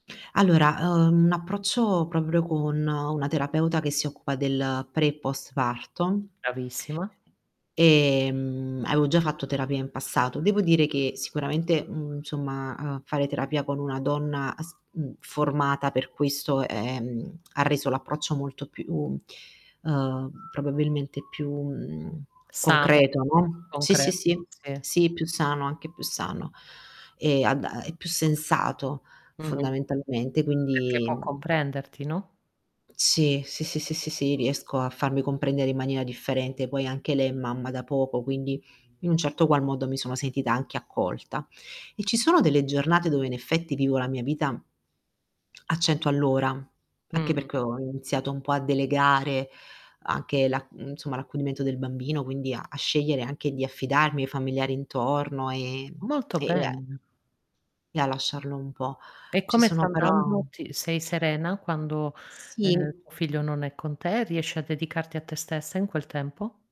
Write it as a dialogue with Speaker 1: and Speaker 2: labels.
Speaker 1: Allora, ehm, un approccio proprio con una terapeuta che si occupa del pre e post parto.
Speaker 2: Bravissima.
Speaker 1: Ehm, avevo già fatto terapia in passato. Devo dire che sicuramente, uhm, insomma, ehm, fare terapia con una donna as uhm, formata per questo è mhmm, ha reso l'approccio molto più, ehm, probabilmente più, mhmm,
Speaker 2: Sano,
Speaker 1: concreto, no. Sì sì
Speaker 2: concreto,
Speaker 1: sì,
Speaker 2: sì.
Speaker 1: sì, più sano, anche più sano e ad a e più sensato
Speaker 2: Mh-mh.
Speaker 1: fondamentalmente
Speaker 2: Perché
Speaker 1: quindi
Speaker 2: può comprenderti, no?
Speaker 1: Sì, sì, sì, sì, sì, sì riesco a farmi comprendere in maniera differente, poi anche lei è mamma da poco quindi in un certo qual modo mi sono sentita anche accolta. E ci sono delle giornate dove in effetti vivo la mia vita a 100 all'ora, anche perché
Speaker 2: Mh-mh.
Speaker 1: ho iniziato un po' a delegare anche la mhmm, insomma l'accudimento del bambino, quindi a a scegliere anche di affidarmi ai familiari intorno, e
Speaker 2: Molto
Speaker 1: e e a
Speaker 2: bene.
Speaker 1: e a lasciarlo un po'.
Speaker 2: E
Speaker 1: Ci
Speaker 2: come sta
Speaker 1: sono però
Speaker 2: andando? Sì, sei serena quando, ehm,
Speaker 1: Sì.
Speaker 2: tuo figlio non è con te? Riesci a dedicarti a te stessa in quel tempo?